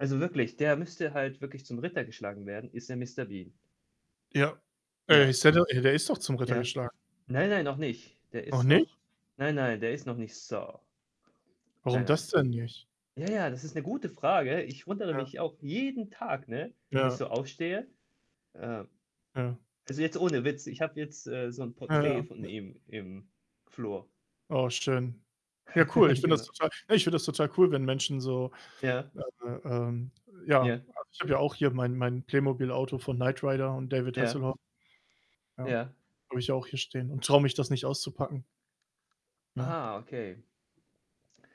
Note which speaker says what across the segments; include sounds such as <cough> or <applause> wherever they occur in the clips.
Speaker 1: Also wirklich, der müsste halt wirklich zum Ritter geschlagen werden, ist ja Mister Bean?
Speaker 2: Ja. Ey,
Speaker 1: Ja.
Speaker 2: ist er de ey, der ist doch zum Ritter
Speaker 1: Ja.
Speaker 2: geschlagen?
Speaker 1: Nein, nein, noch nicht. Der
Speaker 2: Noch
Speaker 1: ist
Speaker 2: nicht?
Speaker 1: noch nein, nein, der ist noch nicht Sir. Nein,
Speaker 2: Warum
Speaker 1: nein.
Speaker 2: das denn nicht?
Speaker 1: Ja, ja, das ist 'ne gute Frage, ich wundere
Speaker 2: Ja.
Speaker 1: mich auch jeden Tag, ne, wenn ich
Speaker 2: Ja.
Speaker 1: so aufstehe. Äh,
Speaker 2: Ja.
Speaker 1: also jetzt ohne Witz, ich habe jetzt, äh, so 'n
Speaker 2: Ja,
Speaker 1: Porträt
Speaker 2: ja.
Speaker 1: von ihm im Flur.
Speaker 2: Oh, schön. Ja, cool, ich
Speaker 1: <laughs>
Speaker 2: finde das
Speaker 1: Genau.
Speaker 2: total ne, ich finde das total cool, wenn Menschen so,
Speaker 1: Ja.
Speaker 2: äh äh, ähm ja,
Speaker 1: Ja.
Speaker 2: also ich habe ja auch hier mein mein Playmobil-Auto von Knight Rider und David
Speaker 1: Ja.
Speaker 2: Hasselhoff Ja,
Speaker 1: Ja.
Speaker 2: habe ich auch hier stehen und trau mich, das nicht auszupacken. Ja.
Speaker 1: Ah, okay.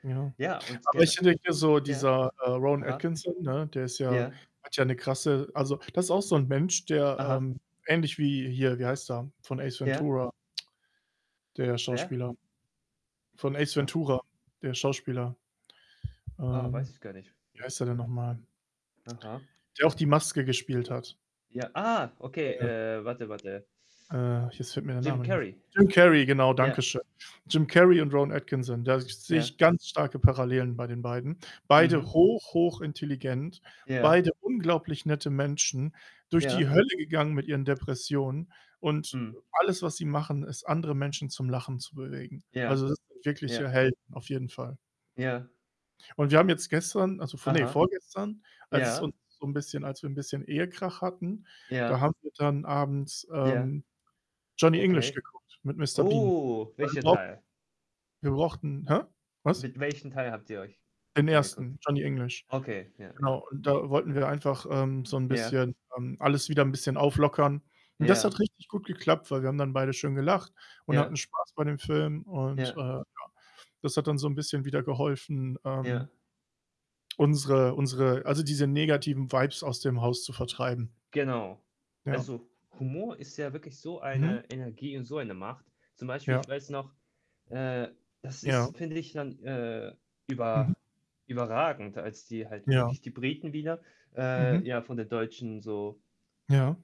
Speaker 2: Ja.
Speaker 1: Ja, und
Speaker 2: Aber ich
Speaker 1: gen
Speaker 2: hätte hier so
Speaker 1: ja?
Speaker 2: dieser, äh, Rowan
Speaker 1: Aha.
Speaker 2: Atkinson, ne, der ist ja
Speaker 1: Ja.
Speaker 2: hat ja 'ne krasse also das ist auch so 'n Mensch, der,
Speaker 1: Aha.
Speaker 2: ähm, ähnlich wie hier, wie heißt der? Von Ace
Speaker 1: Ja.
Speaker 2: Ventura? Der
Speaker 1: Wer?
Speaker 2: Schauspieler? Von Ace
Speaker 1: <unintelligible>
Speaker 2: Ventura, der Schauspieler?
Speaker 1: Oh, weiß
Speaker 2: Ähm,
Speaker 1: ich gar nicht.
Speaker 2: wie
Speaker 1: <snorts>
Speaker 2: heißt der denn noch mal?
Speaker 1: <unintelligible> Aha.
Speaker 2: Der auch die Maske gespielt hat.
Speaker 1: Ja, ah, okay.
Speaker 2: Äh
Speaker 1: Äh, warte, warte.
Speaker 2: Äh, jetzt fällt mir der
Speaker 1: Jim
Speaker 2: Name nicht mehr ein.
Speaker 1: Carrey.
Speaker 2: Jim Carrey, genau, danke
Speaker 1: Ja.
Speaker 2: schön. Jim Carrey und Rowan Atkinson, da sehe
Speaker 1: Ja.
Speaker 2: ich ganz starke Parallelen bei den beiden. Beide
Speaker 1: Mhm.
Speaker 2: hoch, hoch intelligent,
Speaker 1: Ja.
Speaker 2: beide unglaublich nette Menschen, durch die
Speaker 1: Ja.
Speaker 2: Hölle gegangen mit ihren Depressionen und,
Speaker 1: Mhm.
Speaker 2: äh, alles, was sie machen, ist, andere Menschen zum Lachen zu bewegen.
Speaker 1: Ja.
Speaker 2: Also das sind
Speaker 1: Ja.
Speaker 2: wirkliche Helden, auf jeden Fall.
Speaker 1: Ja.
Speaker 2: Und wir haben jetzt gestern, also vor ne,
Speaker 1: Aha.
Speaker 2: vorgestern, als es
Speaker 1: Ja.
Speaker 2: uns so 'n bisschen als wir 'n bisschen Ehekrach hatten, da
Speaker 1: Ja.
Speaker 2: haben wir dann abends,
Speaker 1: Ja,
Speaker 2: ähm, Johnny English
Speaker 1: okay.
Speaker 2: geguckt mit Mister Bean.
Speaker 1: Oh,
Speaker 2: Weil wir
Speaker 1: welcher
Speaker 2: brauch
Speaker 1: Teil?
Speaker 2: wir brauchten hä? Was?
Speaker 1: Mit welchen Teil habt ihr euch
Speaker 2: Den
Speaker 1: angeguckt?
Speaker 2: 1. Johnny English.
Speaker 1: Okay, ja, ja.
Speaker 2: Genau und da wollten wir einfach, ähm, so 'n
Speaker 1: Ja.
Speaker 2: bisschen, ähm alles wieder 'n bisschen auflockern, und das
Speaker 1: Ja.
Speaker 2: hat richtig gut geklappt, weil wir haben dann beide schön gelacht und
Speaker 1: Ja.
Speaker 2: hatten Spaß bei dem Film und, äh,
Speaker 1: Ja.
Speaker 2: ja. Das hat dann so 'n bisschen wieder geholfen, ähm
Speaker 1: Ja.
Speaker 2: unsere unsere also diese negativen Vibes aus dem Haus zu vertreiben.
Speaker 1: Genau.
Speaker 2: Ja.
Speaker 1: Also Humor ist ja wirklich so
Speaker 2: Mhm.
Speaker 1: eine Energie und so eine Macht. Zum Beispiel, ich
Speaker 2: Ja.
Speaker 1: weiß noch, äh das
Speaker 2: Ja.
Speaker 1: ist, finde ich, dann, äh,
Speaker 2: Mhm.
Speaker 1: über überragend, als die halt
Speaker 2: Ja.
Speaker 1: wirklich die Briten wieder äh,
Speaker 2: Mhm.
Speaker 1: ja, von den Deutschen so
Speaker 2: Ja.